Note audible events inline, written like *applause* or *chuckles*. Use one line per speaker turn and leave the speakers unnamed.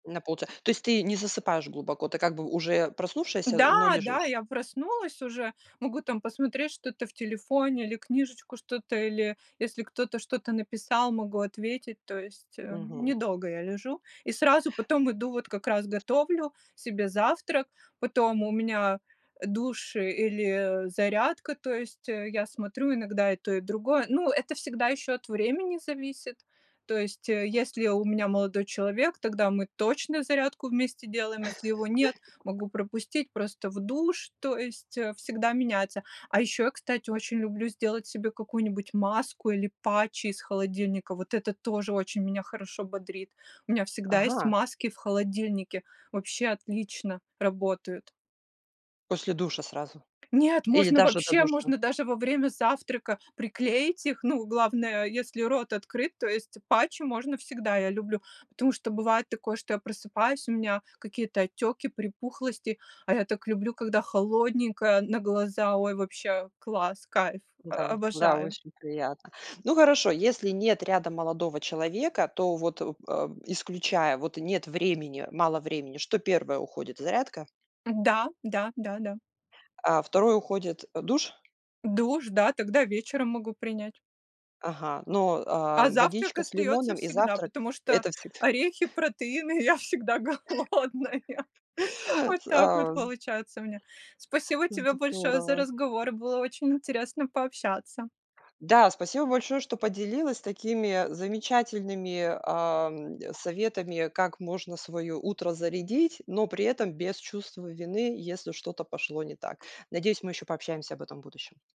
На полча то есть, ты не засыпаешь глубоко, ты как бы уже проснувшаяся, э,
Да,
но
да,
лежишь?
я проснулась уже, могу, там, посмотреть что-то в телефоне, или книжечку что-то, или если кто-то что-то написал, могу ответить. То есть, э,
Мгм.
недолго я лежу и сразу потом иду, вот как раз готовлю себе завтрак, потом у меня душ или, э, зарядка, то есть, э, я смотрю иногда и то, и другое. Ну, это всегда еще от времени зависит. То есть, э,
А.
если у меня молодой человек, тогда мы точно зарядку вместе делаем, если его нет,
*chuckles*
могу пропустить, просто в душ, то есть, э, всегда меняется. А ещё я, кстати, очень люблю сделать себе какую-нибудь маску или патчи из холодильника. Вот это тоже очень меня хорошо бодрит. У меня всегда есть
Ага.
маски в холодильнике, вообще отлично работают.
После душа сразу?
Нет!
Или
Можно
даже до
вообще,
душа?
можно даже во время завтрака приклеить их. Ну, главное, если рот открыт, то есть патчи можно всегда, я люблю, потому что бывает такое, что я просыпаюсь, у меня какие-то отеки, припухлости, а я так люблю, когда холодненькое на глаза. Ой, вообще класс, кайф, о
Да, да,
обожаю!
очень приятно. Ну, хорошо, если нет рядом молодого человека, то вот, э, исключая, вот нет времени, мало времени, что 1 уходит, зарядка?
Да, да, да-да.
Э, 2 уходит, а, душ?
Душ, да, тогда вечером могу принять.
Ага, но, а,
А завтрак
водичка с
остается
лимоном и
всегда,
завтрак-
потому что
это всегд
орехи,
*laughs*
протеины я всегда голодная, вот
*laughs*
так вот
А, з
получается у меня. Спасибо тебе
Зд
большое за
дорово.
разговор, было очень интересно пообщаться.
Да, спасибо большое, что поделилась такими замечательными, ам, советами, как можно свое утро зарядить, но при этом без чувства вины, если что-то пошло не так. Надеюсь, мы еще пообщаемся об этом в будущем.